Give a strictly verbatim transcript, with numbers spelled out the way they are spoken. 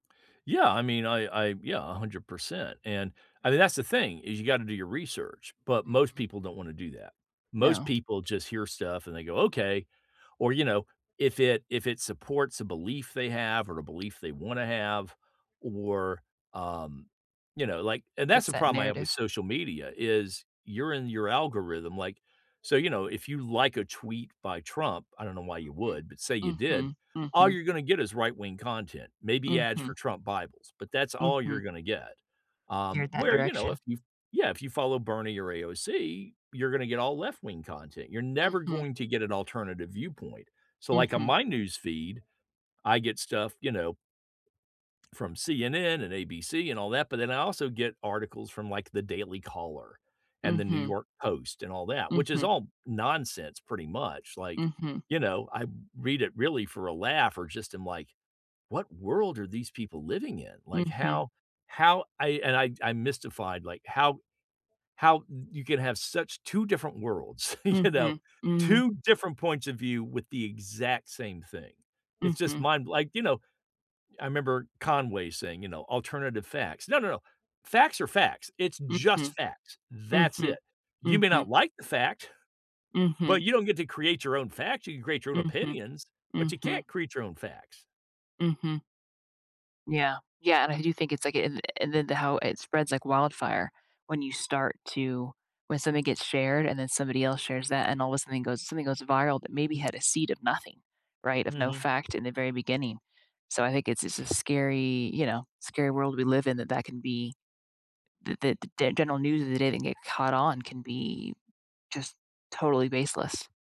Yeah, I mean, I I yeah, a hundred percent, and, I mean, that's the thing is you gotta do your research, but most Mhm. people don't wanna do that. Most No. people just hear stuff, and they go, "Okay," or, you know, if it if it supports a belief they have or a belief they wanna have or, um, you know, like and that's Fits the that problem I have with narrative. social media is you're in your algorithm, like, so, you know, if you like a tweet by Trump I don't know why you Mhm, would, but say you did mhm, all mhm. you're gonna get is right-wing content, maybe ads for Mhm. Trump Bibles, but that's all you're Mhm. gonna get. Um, You're that where, you know, direction. if y yeah. If you follow Bernie or AOC, you're gonna get all left-wing content. You're never Mhm. going to get an alternative viewpoint, so, like, on Mhm. my newsfeed, I get stuff, you know from CNN and ABC and all that, but then I also get articles from, like, the Daily Caller, and the New Mhm. York Post, and all that, which is Mhm. all nonsense pretty much, like, Mhm. you know, I read it really for a laugh or just I'm, like, "What world are these people living in," like, Mhm. how how I and I I'm mystified, like, how how y you can have such two different worlds, you know? Mhm, mhm. two different points of view with the exact same thing. It's just Mhm. mind like, you know? I remember Conway saying, you know, "alternative facts." No, no, no. Facts are facts. It's just Mhm. facts. That's it. Mhm. You may not Mhm. like the fact, but Mhm. you don't get to create your own facts. You can create your own Mhm, opinions, but you mhm. can't create your own facts. Mhm. Yeah. Yeah, and I do think it's like it an and then the how it spreads like wildfire when you start to when something gets shared, and then somebody else shares that, and all the sudden goes something goes viral that maybe had a seed of nothing, right, of no Mhm. fact in the very beginning, so I think it's it's a scary, you know, scary world we live in that that can be that the the the general news of the day that get caught on can be, just, totally baseless.